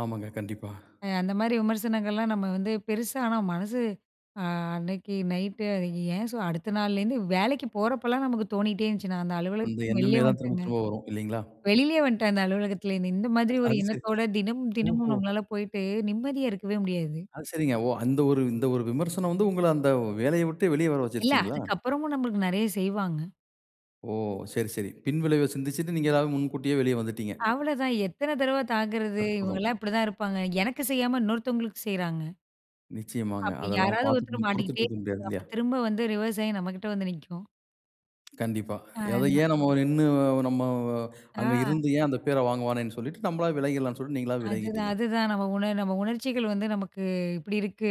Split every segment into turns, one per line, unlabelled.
ஆமாங்க, கண்டிப்பா.
அ அந்த மாரி விமர்சனங்கள்லாம் நம்ம வந்து, பெருசா ஆனா மனசு ஆ அன்னைக்கு நைட்டு, ஏன் சொ அடுத்த நாள்லேருந்து வேலைக்கு போறப்பலாம் நமக்கு தோணிட்டே இருந்துச்சு. நான் அந்த
அந்த
அலுவலகத்திலிருந்து வெளிலயே
எண்ணமே தான் திரும்ப
வன்ட்டேங்க!
திரும்ப வரும். இல்லீங்களா?
வெளிலேயே வன்ட்டேன் அந்த அலுவலகத்துல இருந்து! இந்த மாதிரி ஒரு
அது சரி
எண்ணத்தோட தினமும் தினமும்
ஓஹோ!
நம்மளால போயிட்டு நிம்மதியா இருக்கவே முடியாது.
அது சரிங்க. ஓ அந்த ஒரு இந்த ஒரு விமர்சனம் வந்து உங்கள அந்த வேலைய விட்டே வெளியே வர
இல்ல,
வச்சுருச்சுங்களா?
அதுக்கப்புறமும் நம்பளுக்கு நெறைய செய்வாங்க.
ஓ! சரி சரி. பின்விளைவ சிந்திச்சுட்டு நீங்க அதாவது முன்கூட்டியே வெளியே வந்துட்டீங்க.
அவ்வளதான், எத்தன தடவ தாங்கறது?
அற்புதம்!
இவுங்கலாம் இப்டிதான் இருப்பாங்க. எனக்கு செய்யாம இன்னொருத்தவங்களுக்கு செய்றாங்க
நிச்சயமாங்க.
அப்பிடி
அதெல்லாம்
யாராவது
பார்த்துட்டு
ஒருத்தர்
நீங்க பொறுத்துட்டு
மாட்டிக்கிட்டே
இருக்க முடியாது
இருப்பாங்க.
இல்லையா?
திரும்ப வந்து ரிவர்ஸ் ஆயி நம்ம கிட்ட வந்து நிக்கும்.
கண்டிப்பா.
ஆ,
அத
அதலாம்.
ஏன் நம்ம வ நின்னு நம்ம அங்க
ஆ.
இருந்து ஏன் அந்த பேர வாங்குவானேன்னு சொல்லிட்டு, நம்மளாவே விலகிரலாம்ன்னு சொல்லிட்டு நீங்களாவே
அதுதான்,
விலகிட்டீங்க!
அதுதான். "நம்ம உணர் நம்ம உணர்ச்சிகள் வந்து நமக்கு இப்டி இருக்கு.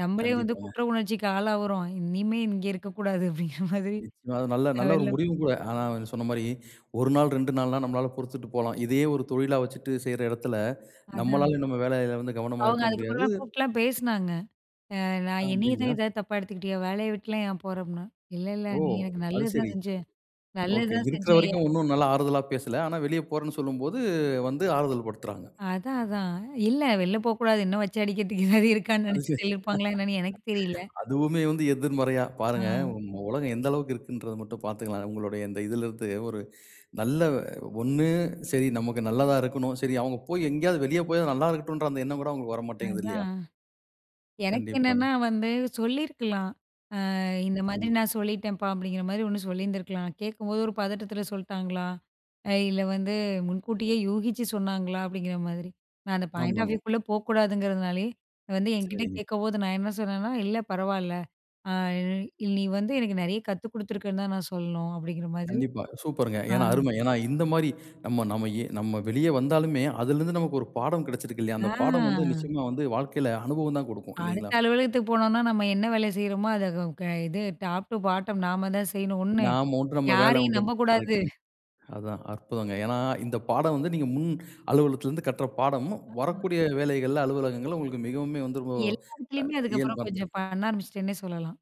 நம்பளே வந்து
கண்டிப்பாங்க.
குற்ற உணர்ச்சிக்கு ஆளாவுறோம். இனிமே இங்க இருக்கக்கூடாது" அப்டிங்கிற மாதிரி
நிச்சயமா. அது நல்ல
நான்
நல்ல ஒரு
வெள்ல
முடிவும் கூட. ஆனா வ நீங்க சொன்ன மாரி. 1 நாள், 2 நாள்லாம் நம்மளால பொறுத்துட்டு போலாம். இதே ஒரு தொழிலா வச்சிட்டு செய்யற எடத்துல
அதான்.
நம்மளால நம்ம வேலையில வந்து கவனமா
அவுங்க
இருக்க முடியாது
அதுக்கப்புறம்லாம் கூப்ட்டுலாம் பேசுனாங்க. ஆ
அ
"நான் என்னைய தான்
அப்டிங்களா?
ஏதாவது தப்பா எடுத்துக்கிட்டியோ! வேலைய விட்டுலாம் ஏன் போற?" அப்டின்னு, "இல்ல! இல்ல!
ஓ!
நீ எனக்கு
அது சரி.
நல்லதுதான் செஞ்ச.
ஓகே.
நல்லதுதான்
இருக்கிற
செஞ்சய"
வரைக்கும் உன்னும் நல்லா ஆறுதலா பேசல! ஆனா, வெளிய போறேன்னு சொல்லும்போது வந்து ஆறுதல் படுத்துறாங்க.
அதான், அதான். இல்ல வெளில போக்கூடாது. இன்னும் வச்சு அடிக்கிறதுக்கு எதாவது இருக்கானு
அது
நெனச்சு
சரி.
சொல்லிருப்பாங்களா, என்னான்னு எனக்கு தெரியல!
அதுவுமே வந்து எதிர்மறையா
ஆ.
பாருங்க! உம் உ உலகம் எந்த அளவுக்கு இருக்குன்றத மட்டும் பாத்துக்கலாம். உங்களுடைய இந்த இதுல இருந்து ஒரு, நல்ல ஒண்ணு சரி நமக்கு நல்லதா இருக்கணும் சரி அவுங்க போய் எங்கேயாவது, வெளிய போயாவது நல்லா இருக்கட்டுன்ற அந்த எண்ணம் கூட அவுங்களுக்கு வரமாட்டேங்குது இல்லையா?
அதான். எனக்கு
கண்டிப்பாங்க.
என்னன்னா வந்து சொல்லியிருக்கலாம். அ "இந்த மாதிரி
நிச்சயமா.
நான் சொல்லிட்டேன்ப்பா!" அப்டிங்கிற மாதிரி ஒண்ணு சொல்லிருந்துருக்கலாம். நான் கேக்கும்போது ஒரு பதட்டத்துல சொல்ட்டாங்களா? அ இல்ல வந்து, முன்கூட்டியே யூகிச்சு சொன்னாங்ளா? அப்டிங்கிற மாதிரி. நான் அந்த பாயிண்ட் ஆஃப்
ஆமாங்க.
வியூ வுக்குள்ள போகக்கூடாதுங்கிறதுனாலயே, வந்து என்கிட்ட
சரிங்க.
கேக்கும்போது நான் என்ன சொன்னேன்னா, "இல்ல பரவால்ல. அ ழ் இல் நீ வந்து எனக்கு நெறைய கத்து குடுத்துருக்கன்னு தான் நான் சொல்ணும்" அப்டிங்கிற மாதிரி
கண்டிப்பா. சூப்பருங்க!
ஆ.
ஏனா, அருமை! ஏனா இந்த மாரி நம்ம நம்ம ஏ நம்ம வெளிய வந்தாலுமே, அதிலருந்து நமக்கு ஒரு பாடம் கிடச்சிருக்கு இல்லையா?
ஆ.
அந்த பாடம் வந்து, நிச்சயமா வந்து வாழ்க்கையில அனுபவம் தான் குடுக்கும்.
அடுத்த
இல்லீங்களா?
அலுவலகத்துக்கு போனோன்னா நம்ம என்ன வேலை செய்றோமோ, அத கவ் கய் இது, டாப் டூ பாட்டம் நாம தான் செய்யணும் ஒண்ணு.
நாம உண்டு, நம்ம வேலை
யாரையும்
உண்டுன்னு!
நம்பக்கூடாது.
கரெக்ட்டுங்க அதான், அற்புதங்க. ஏனா, இந்த பாடம் வந்து நீங்க முன் அலுவலகத்லருந்து கட்ற பாடமும்,
அ.
வரக்கூடிய வேலைகள்ல, அலுவலகங்கள்ல உங்களுக்கு மிகவுமே வந்து ரொம்ப
எல்லா இடத்துலயுமே
அ இயல்பா
அதுக்கப்புறம்
இருந்திருக்கும்.
கொஞ்சம் பண்ண ஆரம்பிச்சிட்டேன்னே சொல்லலாம்.